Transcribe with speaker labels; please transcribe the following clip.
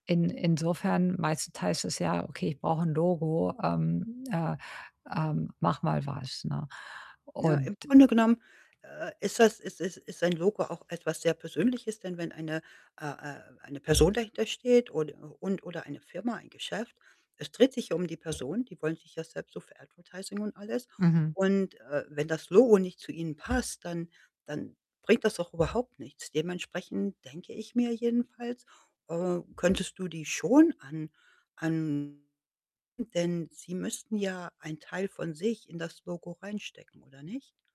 Speaker 1: In insofern, meistens heißt es ja: „Okay, ich brauche 'n Logo, ähm, äh, ähm, mach mal was“, ne?
Speaker 2: Ja, im
Speaker 1: Und, äh
Speaker 2: Grunde genommen, äh, ist das ist ist ist ein Logo auch etwas sehr Persönliches, denn wenn eine, äh, äh eine Person dahintersteht und u und oder der eine Firma, ein Geschäft, es dreht sich ja um die Person, die wollen sich ja selbst so für Advertising und alles
Speaker 1: Mhm.
Speaker 2: und, äh, wenn das Logo nicht zu ihnen passt, dann dann bringt das auch überhaupt nichts. Dementsprechend denke ich mir jedenfalls, äh, könntest du die schon an an denn sie müssten ja einen Teil von sich in das Logo reinstecken, oder nicht?